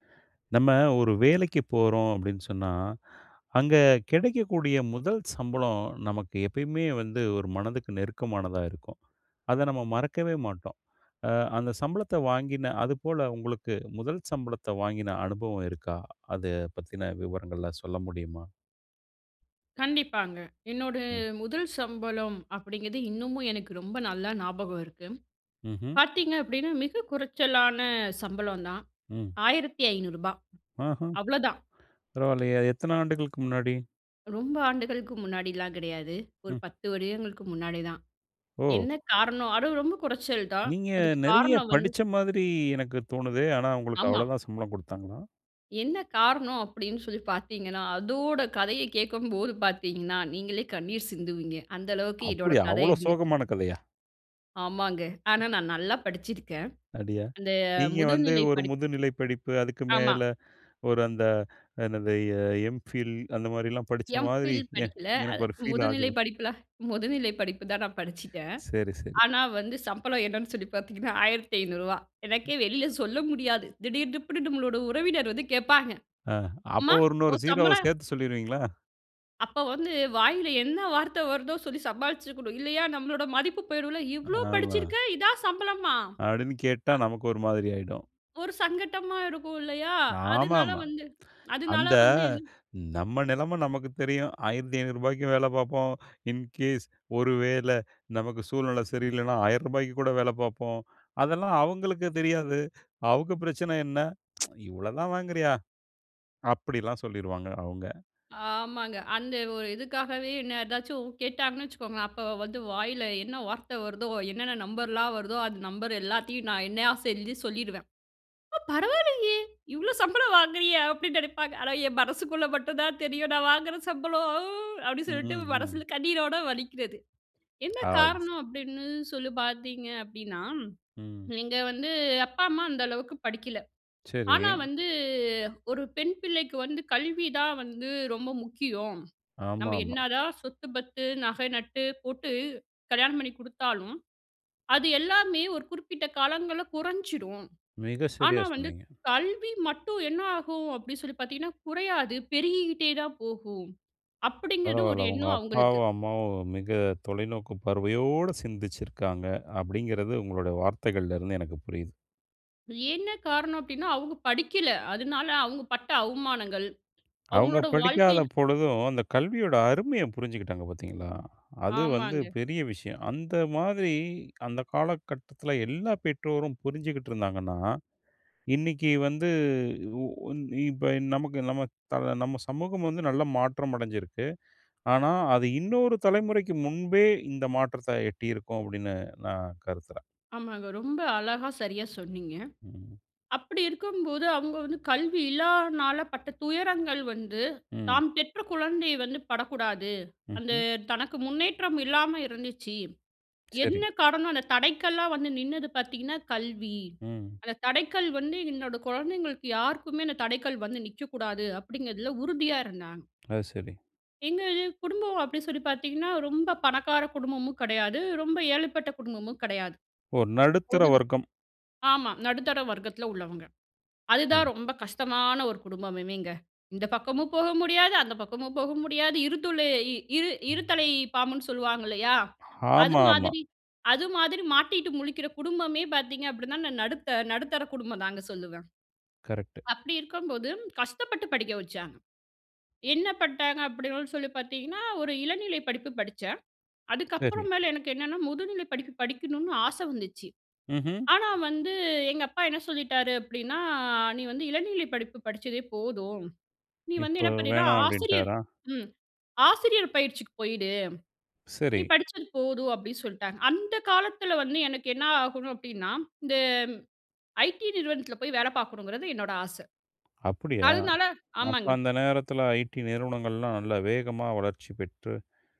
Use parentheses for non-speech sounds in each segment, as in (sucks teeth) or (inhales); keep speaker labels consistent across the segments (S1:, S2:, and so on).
S1: (inhales) நம்ம ஒரு வேலைக்கி போறோம் அப்டீன்னு சொன்னா, அங்க கெடைக்கக்கூடிய முதல் சம்பளம் நமக்கு எப்பயுமே வந்து ஒரு மனதுக்கு நெருக்கமானதா இருக்கும். அத நம்ம மறக்கவே மாட்டோம். அ அந்த சம்பளத்த வாங்கின அதுபோல உங்களுக்கு முதல் சம்பளத்த வாங்கின அனுபவம் இருக்கா? அத பத்தின விவரங்கள்லாம் சொல்ல முடியுமா?
S2: கண்டிப்பாங்க. என்னோட
S1: ம்.
S2: முதல் சம்பளம் அப்டீங்கிது இன்னமும் எனக்கு ரொம்ப நல்லா ஞாபகம் இருக்கு.
S1: ம்ஹ்ம்.
S2: பாத்தீங்க அப்டீன்னா மிக குறைச்சலான சம்பளம் தான்.
S1: ம்.
S2: ரூ. 1500
S1: அஹ்ம்.
S2: அவ்ளோதான்.
S1: பரவால்லயே! எத்தன ஆண்டுகளுக்கு முன்னாடி?
S2: ரொம்ப ஆண்டுகளுக்கு முன்னாடிலாம் கிடயாது. ஒரு
S1: ம்.
S2: 10 வருடங்களுக்கு முன்னாடி தான்.
S1: ஓ!
S2: என்ன காரணம் அதுவும் ரொம்ப குறைச்சல் தான்.
S1: நீங்க
S2: அதுக்கு
S1: நெறைய
S2: காரணம் வந்து.
S1: படிச்ச மாதிரி எனக்கு தோணுதே! ஆனா, உங்களுக்கு
S2: ஆமா.
S1: அவ்ளோதான் சம்பளம் குடுத்தாங்களா?
S2: என்ன காரணம் அப்படீன்னு சொல்லி பாத்தீங்கன்னா, அதோட கதைய கேக்கும்போது பாத்தீங்கன்னா, நீங்களே கண்ணீர் சிந்துவீங்க. அந்த அளவுக்கு
S1: (chuckles)
S2: என்னோட
S1: அப்புடியா?
S2: கதை
S1: அவ்ளோ
S2: இருந்துச்சு.
S1: சோகமான கதயா?
S2: ஆமாங்க.
S1: ம்.
S2: ஆனா, நான் நல்லா படிச்சிருக்கேன்.
S1: அப்டியா?
S2: அந்த
S1: நீங்க வந்து
S2: முதுநிலை
S1: ஒரு
S2: படிப்
S1: முதுநிலை படிப்பு அதுக்கு
S2: ஆமா.
S1: மேல, ஒரு அந்த என்னது? எ எம்பில் அந்த மாரிலாம் படிச்ச மாதிரி
S2: எம்பில்
S1: எ
S2: படிக்கல. அ
S1: எனக்கு ஒரு பீல்
S2: முதுநிலை
S1: ஆகுது.
S2: படிப்புல முதுநிலை படிப்பு தான் நான் படிச்சுட்டேன்.
S1: (inhales) சரி, சரி.
S2: ஆனா, வந்து சம்பளம் என்னன்னு சொல்லி பாத்தீங்கன்னா, ரூ. 1500. எனக்கே வெளியில சொல்ல முடியாது. திடீர் திப்புன்னு உறவினர் வந்து கேப்பாங்க,
S1: ஆ. அப்போ
S2: "அம்மா
S1: ஒரு இன்னொரு
S2: உன்
S1: 0
S2: சம்பளோ"
S1: சேத்து சொல்லிருவீங்களா?
S2: அப்ப வந்து வாயில என்ன வார்த்த வருதோ சொல்லி சமாளிச்சுருக்கனும். இல்லையா நம்மளோட மதிப்பு போயிடும்ல இவ்வளோ
S1: ஆமா.
S2: படிச்சுருக்க இதான் சம்பளமா?
S1: அப்டின்னு கேட்டா
S2: அ.
S1: நமக்கு ஒரு மாதிரி ஆயிடும்.
S2: ஒரு சங்கட்டமா இருக்கும் இல்லையா? அதுனால
S1: ஆமாமா.
S2: வந்து அதுனால
S1: அந்த
S2: வந்து என்
S1: நம்ம நெலைம நமக்கு தெரியும். 1,500 ரூபாய்க்கும் வேல பார்ப்போம் இன்கேஸ் ஒரு வேள நமக்கு சூழ்நில சரியில்லனா, 1,000 ரூபாய்க்கு கூட வேல பார்ப்போம். அதெல்லாம் அவங்களுக்கு தெரியாது. அவங்க பிரச்சன என்ன? (sucks teeth) இவ்வளோதான் வாங்குறியா? அப்டிலாம் சொல்லிருவாங்க அவுங்க.
S2: ஆமாங்க. அந்த ஒரு இதுக்காகவே என்ன ஏதாச்சும் கேட்டாங்கன்னு வச்சுக்கோங்க, அப்போ வந்து வாயில என்ன வார்த்த வருதோ, என்னென்ன நம்பர்லாம் வருதோ, அந்த நம்பர் எல்லாத்தையும் நான் என்னையா செஞ்சு சொல்லிருவேன். ஆ பரவாலயே இவ்வளோ சம்பளம் வாங்குறியா அப்டின்னு நெனைப்பாங்க. ஆனா என் மனசுக்குள்ள மட்டும் தான் தெரியும். நான் வாங்குற சம்பளம் அப்டின்னு
S1: ம்,
S2: சொல்ட்டு மனசுல
S1: ம்.
S2: கண்ணீரோட வலிக்கிறது. என்ன
S1: ஆல்ஸ்
S2: காரணம் அப்டின்னு சொல்லி பார்த்தீங்க அப்டின்னா,
S1: ம்.
S2: நீங்க வந்து "அப்பா, அம்மா அந்த அளவுக்கு படிக்கல." ஆனா
S1: சரி.
S2: வந்து ஒரு பெண் பிள்ளைக்கு வந்து கல்வி தான் வந்து ரொம்ப முக்கியம். நம்ம
S1: ஆமாமா.
S2: என்னதான் சொத்து, பத்து, நக நட்டு போட்டு கல்யாணம் பண்ணி குடுத்தாலும், அது எல்லாமே ஒரு குறிப்பிட்ட காலங்கள்ல குறைஞ்சிரும்.
S1: மிக சரியா
S2: ஆனா வந்து
S1: சொன்னீங்க.
S2: கல்வி மட்டும் என்ன ஆகும் அப்டின்னு சொல்லி பார்த்தீங்கன்னா, குறையாது பெருகிக்கிட்டே தான் போகும். அப்படிங்கற ஒரு
S1: பரவால உங்க
S2: எண்ணம் அவங்களுக்கு
S1: அப்பாவும், அம்மாவும் மிக தொலைநோக்கு பார்வையோட சிந்திச்சுருக்காங்க அப்டிங்கிறது உங்களோட வார்த்தைகள்லேருந்து எனக்கு புரியிது.
S2: என்ன காரணம் அப்டின்னா அவங்க படிக்கல. அதனால அவங்க பட்ட அவமானங்கள்
S1: அவங்க
S2: அவங்களோட
S1: படிக்காத
S2: வாழ்க்கையில
S1: பொழுதும் அந்த கல்வியோட அருமைய புரிஞ்சுக்கிட்டாங்க பார்த்தீங்களா? அது வந்து
S2: ஆமாங்க.
S1: பெரிய விஷயம். அந்த மாதிரி அந்த காலகட்டத்துல எல்லா பெற்றோரும் புரிஞ்சுகிட்டு இருந்தாங்கன்னா, இன்னைக்கு வந்து உ ன் இப்ப நமக்கு நம்ம த நம்ம சமூகம் வந்து நல்ல மாற்றம் அடைஞ்சிருக்கு. ஆனா அது இன்னொரு தலைமுறைக்கு முன்பே இந்த மாற்றத்த எட்டியிருக்கும் அப்படின்னு நான் கருதுறேன்.
S2: ஆமாங்க. ரொம்ப அழகா சரியா சொன்னீங்க.
S1: ம்.
S2: அப்படி இருக்கும்போது அவங்க வந்து கல்வி இல்லானால பட்ட துயரங்கள் வந்து
S1: ம்.
S2: தாம் பெற்ற குழந்தையை வந்து படக்கூடாது. அந்த
S1: ம்ஹ்ம்.
S2: தனக்கு முன்னேற்றம் இல்லாம இருந்துச்சு. என்ன
S1: சரி.
S2: காரணம் அந்த தடைக்கல்லா வந்து நின்னது பார்த்தீங்கன்னா, கல்வி.
S1: ம்.
S2: அந்த தடைக்கல் வந்து என்னோட குழந்தைங்களுக்கு யாருக்குமே அந்த தடைக்கல் வந்து நிக்கக்கூடாது அப்டிங்கறதில உறுதியா இருந்தாங்க.
S1: அது சரி.
S2: எங்க இது குடும்பம் அப்டின்னு சொல்லி பார்த்தீங்கன்னா? ரொம்ப பணக்கார குடும்பமும் கடையாது, ரொம்ப ஏழைப்பட்ட குடும்பமும் கெடையாது
S1: ஓ! நடுத்தர
S2: (unintelligible)
S1: வர்க்கம்.
S2: ஆமா. நடுத்தர வர்க்கத்துல உள்ளவங்க. அதுதான்
S1: ம்.
S2: ரொம்ப கஷ்டமான ஒரு குடும்பமுமேங்க இந்த பக்கமும் போக முடியாது, அந்த பக்கமும் போக முடியாது இரு துளை இரு இருத்தலை பாம்புன்னு சொல்லுவாங்க இல்லையா? அது
S1: ஆமாமா.
S2: மாதிரி அது மாதிரி மாட்டிட்டு முழிக்கிற குடும்பமே பார்த்தீங்க அப்டின்னா நான் நடுத்த நடுத்தர குடும்பம் தாங்க சொல்லுவேன்.
S1: கரெக்ட்டு.
S2: அப்டி இருக்கம் போது கஷ்டப்பட்டு படிக்க வச்சாங்க. என்ன பண்ட்டாங்க அப்டின்னு சொல்லி பார்த்தீங்கன்னா ஒரு இளநிலை படிப்பு படிச்சேன். அதுக்கப்புற
S1: சரி.
S2: மேல எனக்கு என்னென்னா முதுநிலை படிப்பு படிக்கணும்னு ஆசை வந்துச்சு.
S1: ம்ஹ்ம்.
S2: ஆனா வந்து எங்க அப்பா என்ன சொல்லிட்டாரு அப்டின்னா நீ வந்து இளநிலை படிப்பு படிச்சதே போதும் நீ வந்து
S1: இப்ப
S2: என்ன பண்ணின்னா
S1: வேணா
S2: ஆசிரியர்
S1: அப்டின்ட்டாரா?
S2: ம். ஆசிரியர் பயிற்சிக்கு போயிடு
S1: சரி.
S2: நீ படிச்சது போதும் அப்டின்னு சொல்ட்டாங்க. அந்த காலத்துல வந்து எனக்கு என்ன ஆகணும் அப்டின்னா இந்த ஐடி நிறுவனத்துல போய் வேலை பார்க்கணுங்கறது என்னோட ஆச
S1: அப்படியா
S2: அதனால
S1: அப்ப
S2: ஆமாங்க.
S1: அந்த நேரத்துல ஐடி நிறுவனங்கள்லாம் நல்லா வேகமா வளர்ச்சி பெற்று.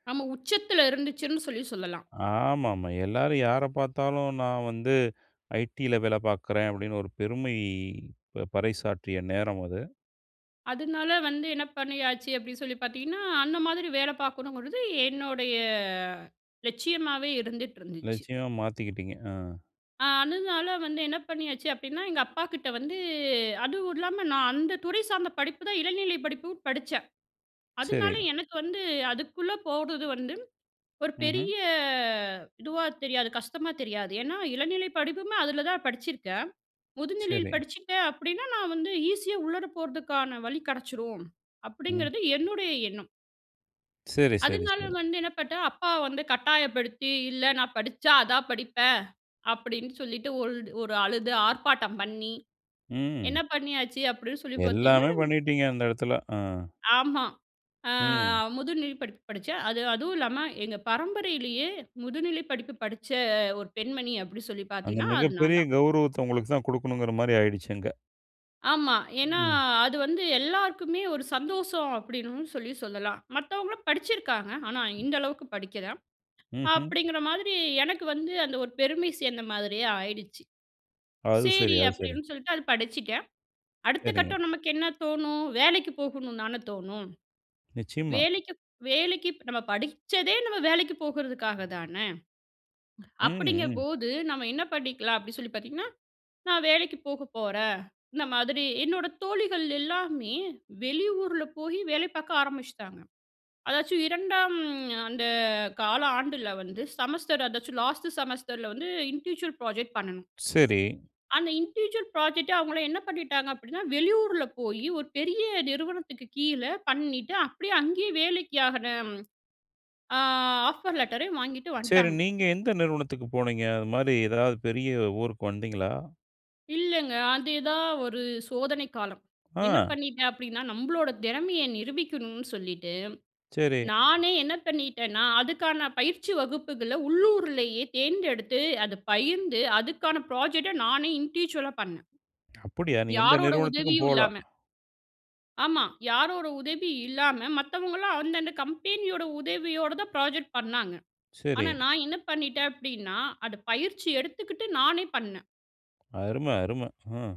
S2: நம்ம உச்சத்துல இருந்துச்சுன் சொல்லி சொல்லலாம்.
S1: ஆமாமா. எல்லாரும் யார பார்த்தாலும் நான் வந்து ஐடியில வேலை பார்க்குறேன் அப்டின்னு ஒரு பெருமை ப பறைசாற்றிய நேரம் அது.
S2: அதுனால வந்து என்ன பண்ணியாச்சு, அப்டின்னு சொல்லி பார்த்தீங்கன்னா? அந்த மாதிரி வேல பார்க்கணுங்கறது என்னோடைய லட்சியமாவே இருந்துட்டுருந்துச்சு.
S1: லட்சியம் மாத்திக்கிட்டிங்க அ.
S2: ஆ அதுனால வந்து என்ன பண்ணியாச்சு அப்டின்னா, எங்க அப்பா கிட்ட வந்து அதுவும் இல்லாம நான் அந்த துறை சார்ந்த படிப்புதான் இளநிலை படிப்பும் படிச்சேன். அதுனால
S1: சரி.
S2: எனக்கு வந்து அதுக்குள்ள போறது வந்து ஒரு
S1: ம்ஹ்ம்.
S2: பெரிய இதுவா தெரியாது கஷ்டமா தெரியாது. ஏனா இளநிலை படிப்புமே அதுல தான்
S1: சரி.
S2: படிச்சிருக்கேன்."முதுநிலையில் படிச்சிட்டேன் அப்டின்னா, நான் வந்து ஈஸியா உள்ளர போறதுக்கான வழி கெடைச்சிரும்"
S1: ம்.
S2: அப்டிங்கிறது என்னுடைய எண்ணம்.
S1: சரி, சரி,
S2: அதுனால,
S1: சரி.
S2: வந்து என்ன பண்ணிட்டேன் அப்பா வந்து கட்டாயப்படுத்தி, "இல்ல, நான் படிச்சா அதான் படிப்பேன்" அப்டின்னு சொல்லிட்டு ஒல்டு ஒரு அழுது ஆர்ப்பாட்டம் பண்ணி, என்ன
S1: ம்.
S2: பண்ணியாச்சு அப்டின் சொல்லி பார்த்தீர்கன்னா,
S1: எல்லாமே பண்ணிட்டீங்க அந்த எடத்துல அ.
S2: ஆமா. ஆ
S1: ம்.
S2: முதுநிலை படிப்பு படிச்சேன். அது அதுவும் இல்லாம எங்க பரம்பரையிலேயே முதுநிலை படிப்பு படிச்ச ஒரு பெண்மணி அப்டி சொல்லி
S1: அந்த
S2: பார்த்தீங்கன்னா அது நான்
S1: மிகப்பெரிய
S2: தான்.
S1: கௌரவுத்த உங்களுக்கு தான், குடுக்கணுங்குற மாரி ஆயிடுச்சு அங்க.
S2: ஆமா. ஏனா
S1: ம்.
S2: அது வந்து எல்லாருக்குமே ஒரு சந்தோஷம் அப்டின்னு சொல்லி சொல்லலாம். மத்தவங்களும் படிச்சிருக்காங்க. ஆனா, இந்த அளவுக்கு படிக்கில,
S1: ம்ஹ்ம்.
S2: அப்டிங்கிற மாதிரி எனக்கு வந்து அந்த ஒரு பெருமை சேர்ந்த மாதிரியே ஆயிடுச்சு.
S1: அது சரி
S2: சேரி
S1: அது சரி.
S2: அப்டின்னு சொல்லிட்டு அத படிச்சுட்டேன். அடுத்த
S1: சரிங்க.
S2: கட்டம் நமக்கு என்ன தோணும்? வேலைக்கு போகனும்ன்னு தானே தோணும்,
S1: நிச்சயம்மா.
S2: வேலைக்கு வேலைக்கு நம்ம படிச்சதே நம்ம வேலைக்கு போகறதுக்காக தானே.
S1: ம், ம்.
S2: அப்டிங்கபோது "நம்ம என்ன பண்ணிக்கலாம்" அப்டின்னு சொல்லி பார்த்தீங்கன்னா? "நான் வேலைக்கு போக போறேன்." இந்த மாதிரி என்னோட தோழிகள் எல்லாருமே வெளியூர்ல போயி வேலை பார்க்க ஆரம்பிச்சிட்டாங்க. அதாச்சும் 2ஆம் அந்த கால ஆண்டுல வந்து செமஸ்டர் அதாச்சும் லாஸ்ட்டு செமஸ்டர்ல வந்து இன்டிவிஜுவல் ப்ராஜெக்ட் பண்ணணும்.
S1: சரி.
S2: அந்த இன்டிவிஜுவல் புராஜெக்ட் அவங்கள என்ன பண்ணிட்டாங்க அப்டின்னா, வெளியூர்ல போயி, ஒரு பெரிய நிறுவனத்துக்கு கீழ பண்ணிட்டு அப்டியே, அங்கேயே வேலைக்கு ஆகற. ஆ ஆஃபர் லெட்டரையும் வாங்கிட்டு
S1: சரி
S2: வந்துட்டாங்க.
S1: நீங்க எந்த நிறுவனத்துக்கு போனீங்க? அது மாரி எதாவது பெரிய ஊருக்கு வந்தீங்களா?
S2: இல்லங்க. அதேதான் ஒரு சோதனை காலம். என்ன
S1: ஆ.
S2: பண்ணிட்டேன் அப்டின்னா நம்பளோட திறமைய நிரூபிக்கணும்னு சொல்லிட்டு,
S1: சரி.
S2: நானே என்ன பண்ணிட்டேனா? அதுக்கான பயிற்சி வகுப்புகள உள்ளூருலேயே தேர்ந்தெடுத்து அத பயிர்ந்து அதுக்கான ப்ராஜெக்ட்ட நானே இண்டிவிஜுவலா பண்ணே.
S1: அப்டியா? நீ எந்த
S2: யாரோட
S1: நிறுவனத்துக்கும்
S2: உதவியும்
S1: போல?
S2: இல்லாம. ஆமா. யாரோட உதவி இல்லாம மத்தவங்கல்லாம் அந்த அந்த கம்பெனியோட உதவியோட தான் புராஜெக்ட் பண்ணாங்க. ஆனா
S1: சரி.
S2: நான் என்ன பண்ணிட்டேன் அப்டின்னா அது பயிற்சி எடுத்துக்கிட்டு நானே பண்னே.
S1: அரும! அரும! ம்.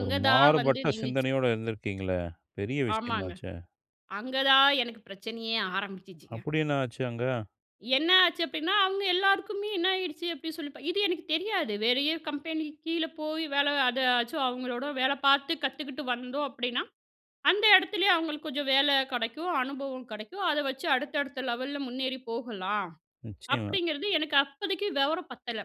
S1: ஒரு
S2: தான் வந்து
S1: மாறுபட்ட
S2: நின்னுச்சு.
S1: சிந்தனையோட இருந்திருக்கீங்களே பெரிய
S2: ஆமாங்க.
S1: விஷயமாச்சே!
S2: அங்க தான் எனக்கு பிரச்சனையே ஆரம்பிச்சுச்சுங்க.
S1: அப்டி என்ன ஆச்சு அங்க?
S2: என்ன ஆச்சு அப்டின்னா, அவங்க எல்லாருக்குமே என்ன ஆயிடுச்சு அப்டின்னு சொல்லி இது எனக்கு தெரியாது வேறைய கம்பெனிக்கு கீழ போய் வேலை அதையாச்சும் அவங்களோட வேலை பார்த்து கத்துக்கிட்டு வந்தோம் அப்டின்னா. அந்த இடத்திலேயே அவங்களுக்கு கொஞ்சம் வேல கெடைக்கும், அனுபவம் கெடைக்கும். அத வச்சு அடுத்த, அடுத்த லெவல்ல முன்னேறி போகலாம்.
S1: நிச்சியமா.
S2: அப்டிங்கிறது எனக்கு அப்போதைக்கு விவரம் பத்தல.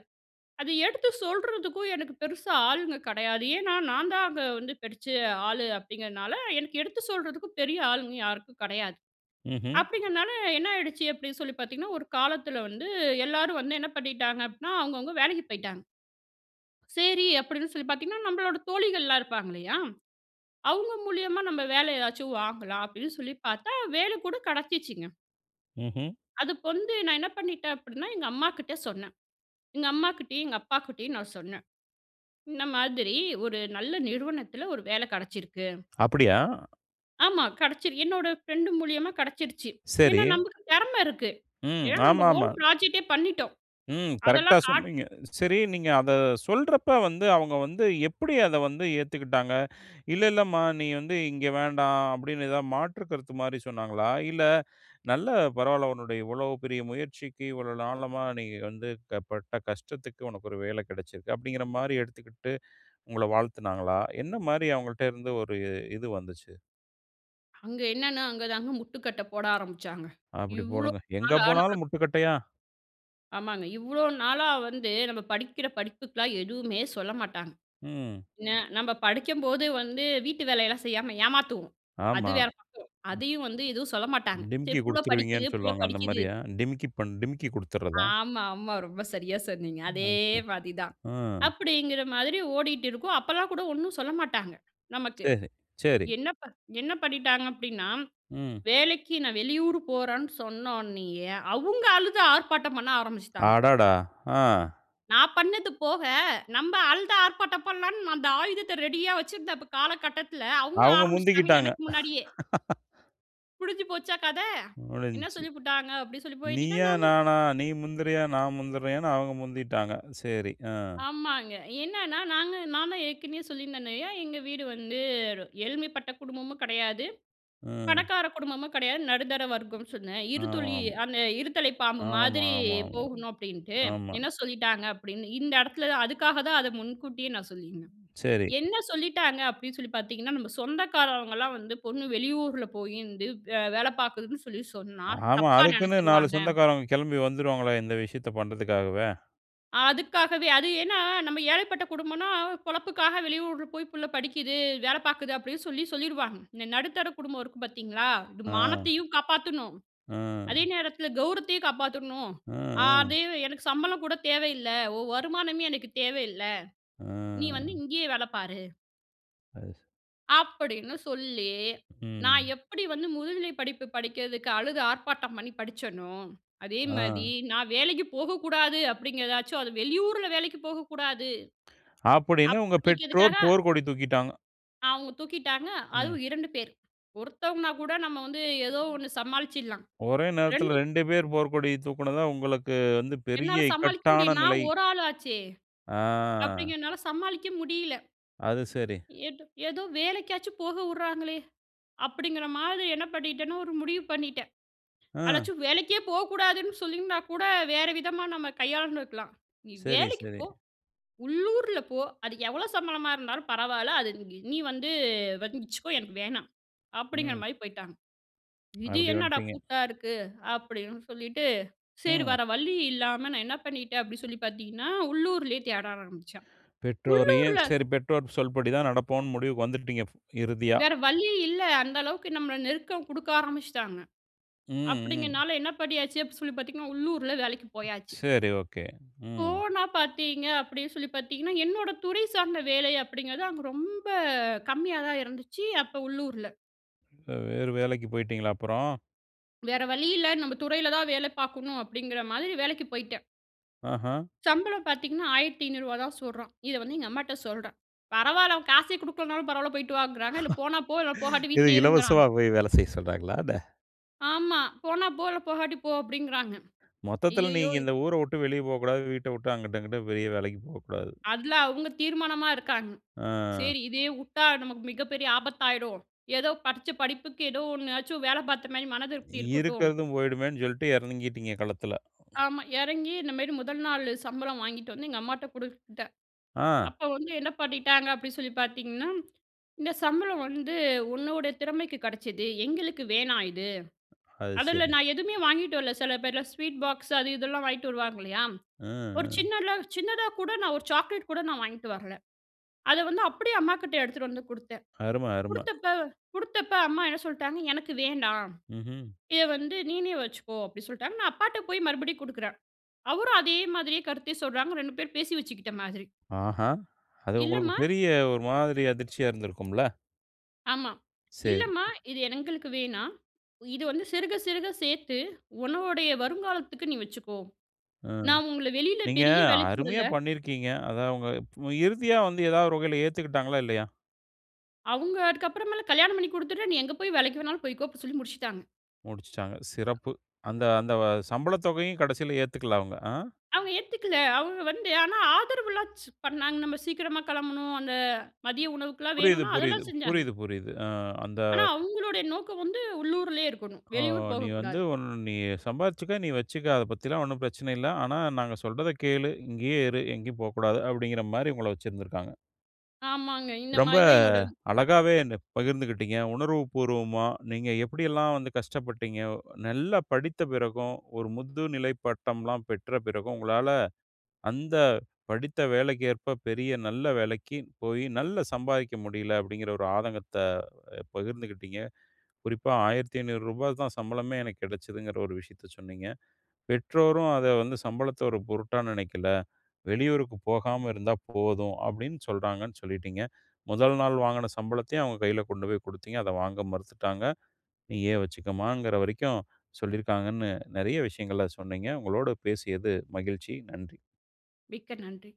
S2: அது எடுத்து சொல்றதுக்கும் எனக்கு பெருசா ஆளுங்க கெடையாது. ஏனா நான் தான் அங்க வந்து படிச்ச ஆளு அப்டிங்கிறனால, எனக்கு எடுத்து சொல்றதுக்கும் பெரிய ஆளுங்க யாருக்கும் கடையாது.
S1: ம்ஹ்ம்.
S2: அப்டிங்கிறதனால என்ன ஆயிடுச்சு அப்டின் சொல்லி பார்த்தீங்கன்னா, ஒரு காலத்துல வந்து எல்லாரும் வந்து என்ன பண்ணிட்டாங்க அப்டின்னா அவங்க, அவங்க வேலைக்கு போயிட்டாங்க. சேரி அப்டின் சொல்லி பார்த்தீங்கன்னா, நம்பளோட தோழிகள்லாம் இருப்பாங்க இல்லையா? அவங்க மூலியமா நம்ப வேல ஏதாச்சும் வாங்கலாம் அப்டின் சொல்லி பார்த்தா வேல கூட கெடைச்சுசுங்க.
S1: ம்ஹ்ம்.
S2: அதுக்கு வந்து நான் என்ன பண்ணிட்டேன் அப்பிடின்னா, எங்க அம்மாக்கிட்ட சொன்னேன். எங்க அம்மாக்கிட்டயும், எங்க அப்பாக்கிட்டயும் நான் சொன்னேன். இந்த மாதிரி ஒரு நல்ல நிறுவனத்துல ஒரு வேல கிடச்சிருக்கு.
S1: அப்பிடியா?
S2: ஆமா. கிடச்சிரு என்னோட ஃபிரெண்ட் மூலியமா கிடச்சிருச்சு.
S1: சரி.
S2: ஏனா நமக்கு திறம இருக்கு.
S1: ம்.
S2: ஏனா நம்ப ஓன்
S1: ஆமாமா.
S2: ப்ராஜெக்டே பண்ணிட்டோம்.
S1: ம். கரெக்டா
S2: அதெல்லாம் காட்டி,
S1: சொன்னீங்க. சரி நீங்க அத சொல்றப்ப வந்து அவங்க வந்து எப்பிடி அத வந்து ஏத்துக்கிட்டாங்க (inhales) இல்ல, இல்லம்மா! நீ வந்து இங்கே வேண்டாம். அப்பிடின்னு எதா மாற்று கருத்துமாரி சொன்னாங்களா? இல்ல (inhales) நல்ல பரவால்ல உன்னுடைய இவ்ளோ பெரிய முயற்சிக்கு, இவ்ளோ நாளா நீ வந்து அ பட்ட கஷ்டத்துக்கு உனக்கு ஒரு வேல கிடைச்சிருக்கு. அப்பிடிங்கிற மாரி எடுத்துக்கிட்டு (inhales) உங்கள வாழ்த்துனாங்களா? என்ன மாரி அவுங்கள்ட்ட இருந்து ஒரு இது வந்துச்சு?
S2: அங்க என்னென்னா, அங்கதாங்க முட்டுக்கட்ட போட ஆரம்புச்சாங்க.
S1: அப்பிடிப்
S2: இவ்ளோ
S1: போடுங்க. எங்க
S2: நாளா நம்மள
S1: போனாலும் முட்டுக்கட்டையா?
S2: ஆமாங்க. இவ்ளோ நாளா வந்து நம்ம படிக்கிற படிப்புக்குலாம் எதுவுமே சொல்ல மாட்டாங்க.
S1: ம்.
S2: என்ன நம்ம படிக்கும்போது வந்து வீட்டு வேலையெல்லாம் செய்யாம ஏமாத்துவோம். அது
S1: ஆமா.
S2: வேற பக்கம்.
S1: ம்.
S2: அதையும் வந்து எதும் சொல்ல மாட்டாங்க. சரி
S1: டிமிக்கி
S2: புள்ள படிக்குது,
S1: கொடுத்துருவீங்கன்னு
S2: புள்ள
S1: சொல்லுவாங்க.
S2: படிக்குது.
S1: அந்தமாரியா? டிமிக்கி பன் டிமிக்கி குடுத்துர்றதா?
S2: ஆமாமா. ரொம்ப சரியா சொன்னீங்க. அதே
S1: (unintelligible)
S2: மாரி தான்.
S1: ஆ.
S2: அப்பிடிங்கிற மாதிரி ஓடிட்டு இருக்கும். அப்பல்லாம் கூட ஒன்னும் சொல்ல மாட்டாங்க நமக்கு.
S1: சரி, சரி.
S2: என்ன ப என்ன பண்ணிட்டாங்க. அப்பிடின்னா
S1: ம்.
S2: வேலைக்கு நான் வெளியூரு போறன்னு சொன்னோனயே, அவுங்க அழுது ஆர்ப்பாட்டம் பண்ண ஆரம்பிச்சுட்டாங்க.
S1: அடாடா! ஆ.
S2: நான் பண்ணது போக, நம்ப அழுது ஆர்ப்பாட்டம் பண்ணலான் அந்த ஆயுதத்த ரெடியா வச்சுருந்த காலகட்டத்துல, அவுங்க
S1: அவுங்க
S2: ஆரம்பிச்சுட்டாங்க.
S1: முந்திக்கிட்டாங்க.
S2: எனக்கு முன்னாடியே!
S1: (laughs)
S2: முடிஞ்சு போச்சா கத. என்ன
S1: முடிஞ்சிச்சு.
S2: சொல்லி புட்டாங்க அப்டின் சொல்லி போய்விட்டீங்கன்னா
S1: நீயா,
S2: நம்ம
S1: நானா. நீ முந்துறியா, நான் முந்துறேயான்னு அவங்க முந்திட்டாங்க. சரி ஆ.
S2: ஆமாங்க. என்னன்னா, நாங்க நான் தான் ஏற்கனவே சொல்லியிருந்தேனயா, எங்க வீடு வந்து எளிமைப்பட்ட குடும்பமும் கெடையாது,
S1: ம்.
S2: பணக்கார குடும்பமும் கெடையாது, நடுத்தர வர்க்கம் சொன்னே. இருதலை
S1: ஆமாம்.
S2: அந்த இருதலை பாம்பு
S1: ஆமா
S2: மாதிரி
S1: ஆமா ஆமா
S2: போகணும் அப்டின்ட்டு,
S1: ஆமா
S2: என்ன சொல்லிட்டாங்க அப்டின்னு. இந்த இடத்துல அதுக்காக தான் அத முன்கூட்டியே நான் சொல்லியிருந்தேன்.
S1: சரி.
S2: என்ன சொல்லிட்டாங்க அப்டின்னு சொல்லி பார்த்தீங்கன்னா, நம்ம சொந்தக்காரவங்கலாம் வந்து பொண்ணு வெளியூருல போய் வந்து வேல பார்க்குதுன்னு சொல்லி சொன்னா
S1: ஆமா.
S2: தப்பா
S1: அதுக்குன்னு 4
S2: நெனச்சுருவாங்க.
S1: சொந்தக்காரவங்க கிளம்பி வந்துருவாங்களா இந்த விஷயத்த பண்ணுறதுக்காகவே?
S2: அதுக்காகவே அது ஏனா, நம்ப ஏழைப்பட்ட குடும்பம்னா பொழப்புக்காக வெளியூருல போய் புள்ள படிக்குது, வேல பார்க்குது அப்டின்னு சொல்லி சொல்லிருவாங்க. இந்த நடுத்தர குடும்பம் இருக்கு பார்த்தீங்களா, இது
S1: ஆ.
S2: மானத்தையும் காப்பாத்துணும், அதே
S1: ஆ.
S2: நேரத்துல கௌரவத்தையும் காப்பாத்துணும்.
S1: ஆ, ஆ.
S2: அதே, எனக்கு சம்பளம் கூட தேவ இல்ல, உன் வருமானமே எனக்கு தேவ இல்ல, நீ வந்து
S1: ஆ.
S2: இங்கேயே வேல பாரு.
S1: அது சரி.
S2: அப்படின்னு சொல்லி நான்
S1: ம்.
S2: எப்டி வந்து முதுநிலை படிப்பு படிக்கறதுக்கு அழுது ஆர்ப்பாட்டம் பண்ணி படிச்சனோ, அதே மாரி
S1: ஆ.
S2: நான் வேலைக்கு போகக்கூடாது அப்டிங்கிறதாச்சும் அது வெளியூருல வேலைக்கு போகக்கூடாது.
S1: (inhales) அப்டின்னு உங்க
S2: அப்டிங்கிறதுக்காக
S1: பெற்றோர் போர்க்கொடி தூக்கிட்டாங்க.
S2: அவுங்க தூக்கிட்டாங்க,
S1: ம்.
S2: அதுவும் 2 பேர். ஒருத்தவங்கனா கூட, நம்ம வந்து ஏதோ 1 சமாளிச்சிடலாம்.
S1: ஒரே நேரத்தில
S2: 2
S1: 2 பேர் போர்க்கொடிய தூக்குன தான், உங்களுக்கு வந்து
S2: என்னால
S1: பெரிய
S2: சமாளிக்க முடிய
S1: இக்கட்டான
S2: நான்
S1: நிலை.
S2: 1 ஆள் ஆச்சே.
S1: ஆ.
S2: அப்டிங்கிறனால சமாளிக்க முடியல.
S1: அது சரி.
S2: ஏதோ ஏதோ வேலைக்காச்சும் போக உடுறாங்களே அப்படிங்கிற மாரி என்ன பண்ணிட்டேன்னா, 1 முடிவு பண்ணிட்டேன்.
S1: அ.
S2: அதாச்சும் வேலைக்கே போகக்கூடாதுன்னு சொல்லிருந்தா கூட, வேற விதமா நம்ம கையாண்டு இருக்கலாம். "நீ
S1: சரி,
S2: வேலைக்கு
S1: சரி.
S2: போ, உள்ளூர்ல போ, அது எவ்வளோ சம்பளமா இருந்தாலும் பரவால்ல. அது நீ நீ வந்து வச்சுக்கோ எனக்கு வேணாம்." அப்படிங்குற
S1: ம்.
S2: மாரி போய்ட்டாங்க. இது
S1: அப்டி
S2: என்னடா
S1: வந்டீங்க.
S2: கூத்தா இருக்கு. அப்படின்னு சொல்லிட்டு, செரி
S1: ம்.
S2: வற வழி இல்லாம நான் என்ன பண்ணிட்டேன் அப்டிசொல்லி பாத்தீங்கன்னா, உள்ளூர்லயே தேட
S1: (inhales)
S2: ஆரம்பிச்சேன்.
S1: பெற்றோரையும்,
S2: உள்ளூர்ல
S1: சரி பெற்றோர் சொல்படி தான் நடப்போன்னு, முடிவுக்கு வந்துட்டீங்க இறுதியா.
S2: வேற வழியே இல்ல, அந்த அளவுக்கு நம்மள நெருக்கம் குடுக்க ஆரம்பிச்சுட்டாங்க.
S1: ம், ம்.
S2: அப்டிங்கனால என்ன பண்ணியாச்சு அப்டி சொல்லி பாத்தீங்கன்னா, உள்ளூர்ல வேலைக்கு போயாச்சு.
S1: சரி, ஒகே, ம்.
S2: போனா பாத்தீங்க அப்படின்னு சொல்லி பாத்தீங்கன்னா என்னோட துறை சார்ந்த வேலை அப்டிங்கிறது அங்க ரொம்ப கம்மியா தான் இருந்துச்சு அப்போ உள்ளூர்ல.
S1: வே வேறு வேலைக்கு போயிட்டீங்களா அப்புறம்?
S2: வேற வழி இல்ல. நம்ம துறையில தான் வேலை பார்க்கணும் அப்படிங்கிற மாதிரி வேலைக்கு போய்ட்டேன்.
S1: ஆஹ.
S2: சம்பளம் பார்த்தீங்கன்னா, 1,500 ரூபாய் தான் சொல்றான். இதை வந்து எங்க அம்மாட்ட சொல்றேன். பரவாயில்ல அவன் காசே குடுக்கலன்னாலும் பரவாயில்ல. போய்ட்டு வாங்கிறாங்க. இல்ல போனா போ போகாட்ட
S1: (laughs) இது
S2: வீட்டிலயே இருங்கிறாங்க.
S1: இலவசமா போய் வேலை செய்ய சொல்லுறாங்களா என்ன?
S2: ஆமா போனா இல்ல போகாட்டி போ அப்படிங்கிறாங்க.
S1: மொத்தத்துல
S2: ஐய்யய்யோ
S1: நீங்க இந்த ஊர விட்டு வெளிய போகக்கூடாது. வீட்டை உட்டு அங்குட்டு அங்குட்டு பெரிய வேலைக்கு போகக்கூடாது.
S2: அதுல அவங்க தீர்மானமா இருக்காங்க.
S1: ஆ.
S2: சரி இதே வுட்டா நமக்கு மிகப்பெரிய ஆபத்தாயிடும். ஏதோ படிச்ச படிப்புக்கு ஏதோ ஒண்ணாச்சும் வேலை பார்த்த மாதிரி மனதிருப்தி இருக்கட்டும்.
S1: இருக்கறதும் போயிடுமேன்னு சொல்லிட்டு இறங்கிட்டீங்க களத்துல.
S2: ஆமா, இறங்கி இந்தமாரி முதல் நாள் சம்பளம் வாங்கிட்டு வந்து எங்க அம்மாட்ட குடுத்தேன்.
S1: ஆ.
S2: அப்போ வந்து என்ன பண்ணிட்டாங்க அப்படின்னு சொல்லி பார்த்தீங்கன்னா, இந்த சம்பளம் வந்து உன்னோட திறமைக்கு கிடைச்சது. எங்களுக்கு வேணாம் இது.
S1: அது
S2: அதுல
S1: சரி.
S2: நான் எதுவுமே வாங்கிட்டு வரல. சில பேர்லாம் ஸ்வீட் பாக்ஸ் அது இதெல்லாம் வாங்கிட்டு வருவாங்க இல்லையா.
S1: அ,
S2: ஒரு
S1: அ.
S2: சின்னதா சின்னதா கூட நான் ஒரு சாக்லேட் கூட நான் வாங்கிட்டு வரல. அத வந்து அப்படியே அம்மாகிட்ட எடுத்துட்டு வந்து குடுத்தேன்.
S1: அருமை, அருமை.
S2: குடுத்தப்ப குடுத்தப்ப அம்மா என்ன சொல்லிட்டாங்க, எனக்கு வேண்டாம்.
S1: ம்ஹ்ம்.
S2: இத வந்து நீயே வச்சுக்கோ அப்படின்னு சொல்லிட்டாங்க. நான் அப்பாட்ட போய் மறுபடியும் குடுக்கிறேன். அவரும் அதே மாதிரியே கருத்தை சொல்றாங்க. 2 பேரும் பேசி வச்சுக்கிட்ட மாதிரி.
S1: ஆஹா! அது உங்களுக்கு
S2: இல்லம்மா.
S1: பெரிய ஒரு மாதிரி அதிர்ச்சியா இருந்திருக்கும்ல.
S2: ஆமா.
S1: சேரி.
S2: இல்லம்மா இது எங்களுக்கு வேணாம். இது வந்து சிறுக சிறுக சேர்த்து உன்னுடைய வருங்காலத்துக்கு நீ வச்சுக்கோ.
S1: ம்.
S2: நான் உங்கள வெளியில
S1: நீங்க
S2: பெரிய வேலைக்கு விடல
S1: அருமையா பண்ணியிருக்கிறீங்க. அத அவுங்க இறுதியா வந்து ஏதாவது ஒரு வகையில ஏத்துக்கிட்டாங்களா? இல்லையா?
S2: அவங்க அதுக்கு அப்புறமேலு கல்யாணம் பண்ணி கொடுத்துட்டு. நீ எங்கே போய் வேலைக்கு வேண்னாலும் போய்கோனு சொல்லி முடிச்சுட்டாங்க.
S1: முடிச்சுட்டாங்க. சிறப்பு. அந்த அந்த சம்பள தொகையும் கடைசில ஏத்துக்கல அவங்க. ஆ.
S2: அவங்க ஏத்துக்கல. அவங்க வந்து ஆனாஆதரவுலாம் பண்ணாங்க. நம்ம சீக்கிரமா கிளம்பணும் அந்த மதிய உணவுக்கெல்லாம்
S1: புரியுது,
S2: வேணுனா
S1: புரியுது.
S2: அதெல்லாம் செஞ்சாங்க.
S1: புரியுது, புரியுது. ஆ அந்த.
S2: ஆனா அவங்களுடைய நோக்கம் வந்து உள்ளூரிலயே இருக்கணும்.
S1: "ஓ
S2: வெளியூர்
S1: நீ வந்து,
S2: போகக்கூடாது.
S1: நீ சம்பாரிச்சுக்கோ, நீ வச்சிக்கோ, அதை பத்தி எல்லாம் ஒன்னும் பிரச்சனை இல்ல. ஆனா நாங்க சொல்றத கேளு இங்கயே இரு, எங்கயும் போ கூடாது" அப்படிங்கற மாரி உங்கள வச்சுயுருந்துருக்காங்க.
S2: ஆமாங்க, இந்த
S1: ரொம்ப
S2: மாதிரி தான் என்னோட
S1: அழகாவே என்ன பகிர்ந்துகிட்டிங்க, உணர்வு பூர்வமா. நீங்க எப்படியெல்லாம் வந்து கஷ்டப்பட்டீங்க, நல்லா படித்த பிறகும் ஒரு முதுநிலை பட்டம்லாம் பெற்ற பிறகும், உங்களால அந்த படித்த வேலைக்கேற்ப பெரிய நல்ல வேலைக்கு போய் நல்லா சம்பாதிக்க முடியல. அப்படிங்கிற ஒரு ஆதங்கத்தை பகிர்ந்துகிட்டிங்க. குறிப்பா 1,500 ரூபா தா சம்பளமே எனக்கு கிடைச்சிதுங்கிற ஒரு விஷயத்த சொன்னீங்க. பெற்றோரும் அதை வந்து சம்பளத்த ஒரு பொருட்டா நினைக்கல. "வெளியூருக்கு போகாம இருந்தா போதும்" அப்படின்னு சொல்றாங்கன்னு சொல்லிட்டீங்க. முதல் நாள் வாங்கின சம்பளத்தையும் அவங்க கையில கொண்டு போய் கொடுத்தீங்க. அதை வாங்க மறுத்துட்டாங்க. "நீயே வச்சுக்கோமா"ங்கிற வரைக்கும் சொல்லியிருக்காங்கன்னு. நிறைய விஷயங்கள சொன்னீங்க. உங்களோடு பேசியது மகிழ்ச்சி. நன்றி.
S2: மிக்க நன்றி.